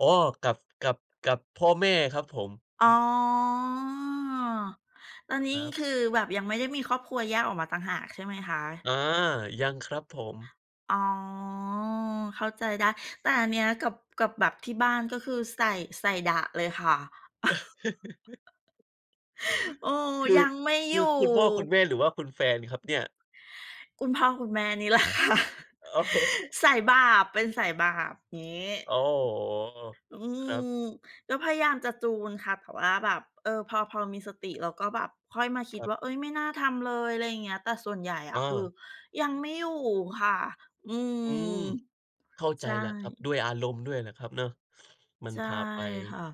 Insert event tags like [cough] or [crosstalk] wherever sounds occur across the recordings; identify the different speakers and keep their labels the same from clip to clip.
Speaker 1: อ๋อ กับ กับ กับพ่อแม่ครับผม
Speaker 2: อ๋
Speaker 1: อื
Speaker 2: อ
Speaker 1: อ
Speaker 2: ตอน
Speaker 1: ค
Speaker 2: นี้
Speaker 1: รับ
Speaker 2: คือแบบยังไม่ได้มีครอบครัวแยกออกมาต่างหากใช่ไหมคะ?
Speaker 1: อา ยังครับผม
Speaker 2: อ๋อ เข้าใจได้ แต่อันเนี้ยกับ กับแบบที่บ้านก็คือใส่ ใส่ดะเลยค่ะ
Speaker 1: [laughs]
Speaker 2: [laughs] เออ
Speaker 1: คื
Speaker 2: ย
Speaker 1: อ
Speaker 2: ังไม่
Speaker 1: ค
Speaker 2: อย
Speaker 1: ื
Speaker 2: ู่
Speaker 1: อคุณพ่อคุณแม่ หรือว่าคุณแฟนครับเนี่ย
Speaker 2: คุณพ่อคุณแม่นี่ แหละค่ะ
Speaker 1: อะฮะ
Speaker 2: สายบาปเป็นสายบาป งี้
Speaker 1: โอ้โฮ
Speaker 2: อื
Speaker 1: ครับ
Speaker 2: อ ก็พยายามจะจูนค่ะ แต่ว่าแบบ เออ พอ พอมีสติ แล้วก็แบบค่อยมาคิ
Speaker 1: ค
Speaker 2: ด
Speaker 1: รั
Speaker 2: ว
Speaker 1: บ
Speaker 2: ่า เอ๊ย ไม่น่าทำเลย อะไรอย่างเงี้ย แต่ส่วนใหญ่อะ คือ
Speaker 1: เออ
Speaker 2: ยั้งไม่อยู่ค่ะ อื
Speaker 1: อืม
Speaker 2: ม
Speaker 1: เข้าใจ
Speaker 2: ใช่
Speaker 1: แล้วครับ ด้วยอารมณ์ด้วยแหละครับเนาะ มั
Speaker 2: ใ
Speaker 1: น
Speaker 2: ช่
Speaker 1: พาไป
Speaker 2: ค่ะ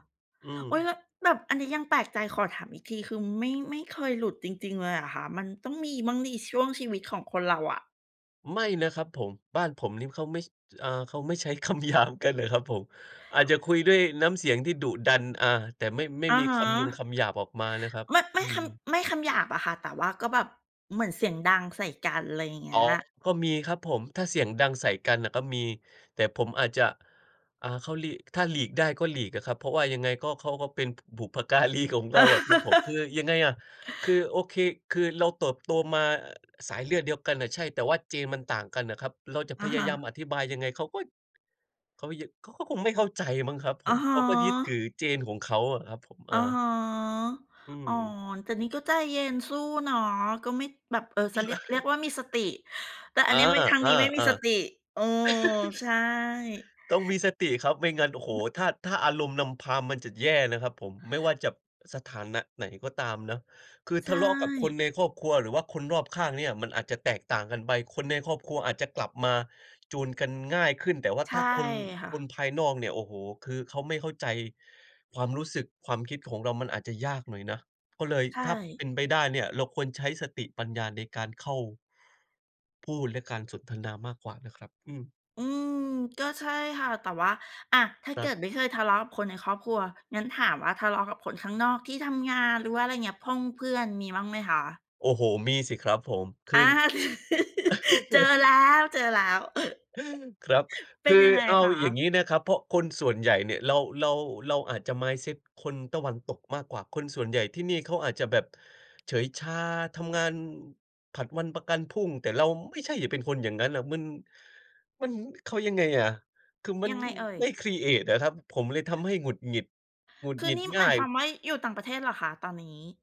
Speaker 1: อืม
Speaker 2: โอ๊ย แล้วแบบอันนี้ยังแปลกใจขอถามอีกที คือไม่ ไม่เคยหลุดจริง ๆ เลยเหรอคะ? มันต้องมีบ้างสิช่วงชีวิตของคนเราอะ
Speaker 1: ไม่นะครับผม บ้านผมนี่เขาไม่ อา เขาไม่ใช้ คำหยาบกันนะครับผม อาจจะคุยด้วยน้ำเสียงที่ดุดัน อ่า แต่ไม่ ไม่
Speaker 2: อ
Speaker 1: ม
Speaker 2: ะ
Speaker 1: ี
Speaker 2: ฮ
Speaker 1: ค
Speaker 2: ะ
Speaker 1: ำยงคำหยาบออกมานะครับ
Speaker 2: ไม่ ไม
Speaker 1: อื
Speaker 2: ่ค
Speaker 1: อ
Speaker 2: ำ ไม่คำหยาบอะค่ะ แต่ว่าก็แบบเหมือนเสียงดังใส่กัน ไรอย่างเง
Speaker 1: อ
Speaker 2: ี
Speaker 1: ๋อ
Speaker 2: ้ย
Speaker 1: ก็มีครับผม ถ้าเสียงดังใส่กันน่ะก็มี แต่ผมอาจจะ อ่า เขาหลีก ถ้าหลีกได้ก็หลีกอะครับ เพราะว่ายังไงก็ เขาก็เป็นบุพการีของเราอะครับผม คือยังไงอะ
Speaker 2: [laughs]
Speaker 1: คือโอเค คือเราเติบโตมาสายเลือดเดียวกันน่ะ ใช่ แต่ว่า Gen มันต่างกันอะครับ เราจะ
Speaker 2: อ
Speaker 1: พ
Speaker 2: ะ
Speaker 1: ย
Speaker 2: ฮ
Speaker 1: า
Speaker 2: ะ
Speaker 1: ยามอธิบายยังไงเขาก็ เขายัง เขาก็คงไม่เข้าใจมั้งครับผ
Speaker 2: อะ
Speaker 1: ม
Speaker 2: ฮ
Speaker 1: เขาก็ยึดถือ
Speaker 2: ะ
Speaker 1: Gen ของเขาอะครับผม เอ
Speaker 2: อ
Speaker 1: อ
Speaker 2: ะฮะ
Speaker 1: อื
Speaker 2: อ๋อ
Speaker 1: ม
Speaker 2: แต่นี้ก็ใจเย็นสู้เนาะ ก็ไม่ แบบ เออ จะเรียก เรียกว่ามีสติ
Speaker 1: [laughs]
Speaker 2: แต่อั
Speaker 1: อ
Speaker 2: น
Speaker 1: า
Speaker 2: นี้ไม่ ทางนี้ไม่มีส
Speaker 1: ๆ
Speaker 2: ติ เออ
Speaker 1: ๆ
Speaker 2: ใ
Speaker 1: [laughs]
Speaker 2: ช่
Speaker 1: ต้องมีสติครับ ไม่งั้น โอ้โฮ ถ้า ถ้าอารมณ์นำพามันจะแย่นะครับผม ไม่ว่าจะสถานะไหนก็ตามเนาะ คือ
Speaker 2: ใช
Speaker 1: ทะเลาะกับคน
Speaker 2: ่
Speaker 1: ในครอบครัว หรือว่าคนรอบข้างเนี่ยมันอาจจะแตกต่างกันไป คนในครอบครัวอาจจะกลับมาจูนกันง่ายขึ้น แต่ว่า
Speaker 2: ใช
Speaker 1: ถ
Speaker 2: ่
Speaker 1: ้าคน
Speaker 2: ค่
Speaker 1: คน
Speaker 2: ะ
Speaker 1: ภายนอกเนี่ย โอ้โฮ คือเขาไม่เข้าใจความรู้สึก ความคิดของเรามันอาจจะยากหน่อยนะ ก็เลย
Speaker 2: ใช
Speaker 1: ถ้าเป
Speaker 2: ่
Speaker 1: ็นไปได้เนี่ย เราควรใช้สติปัญญาในการเข้า พูดและการสนทนามากกว่านะครับ อือ
Speaker 2: อืม ก็ใช่ค่ะ แต่ว่า อะ ถ้า
Speaker 1: ค
Speaker 2: เ
Speaker 1: ร
Speaker 2: ก
Speaker 1: ั
Speaker 2: ิ
Speaker 1: บ
Speaker 2: ดไม่เคยทะเลาะกับคนในครอบครัว งั้นถามว่าทะเลาะกับคนข้างนอกที่ทำงาน หรือว่า อะไรอย่างเงี้ย พ่งเพื่อนมีบ้างไหมคะ?
Speaker 1: โอ้โฮ มีสิครับผม ค
Speaker 2: อ
Speaker 1: ือ
Speaker 2: า [laughs] เจอแล้
Speaker 1: [laughs]
Speaker 2: ว ๆ
Speaker 1: ครับ
Speaker 2: [laughs] เป
Speaker 1: ค
Speaker 2: ็น
Speaker 1: ือ
Speaker 2: ยังไง
Speaker 1: เอา
Speaker 2: ค
Speaker 1: อย่าง
Speaker 2: ะ?
Speaker 1: งี้นะครับ เพราะคนส่วนใหญ่เนี่ย เรา เรา เราอาจจะ mindset คนตะวันตกมากกว่า คนส่วนใหญ่ที่นี่เขาอาจจะแบบเฉยชาทำงานผัดวันประกันพรุ่ง แต่เราไม่ใช่เป็นคนอย่างงั้นน่ะ มัน มัน เขายังไงอะ คือมั
Speaker 2: ย
Speaker 1: น
Speaker 2: ังไงเอ่ย
Speaker 1: ไม่ครีเอตอะครับ ผมเลยทำให้หงุดหงิด หงุด
Speaker 2: คื
Speaker 1: ห
Speaker 2: อ
Speaker 1: งิ
Speaker 2: น
Speaker 1: ด
Speaker 2: ี่
Speaker 1: ง
Speaker 2: ห
Speaker 1: ่
Speaker 2: ม
Speaker 1: า
Speaker 2: าย
Speaker 1: ย
Speaker 2: ความว่าอยู่ต่างประเทศเหรอคะตอนนี้?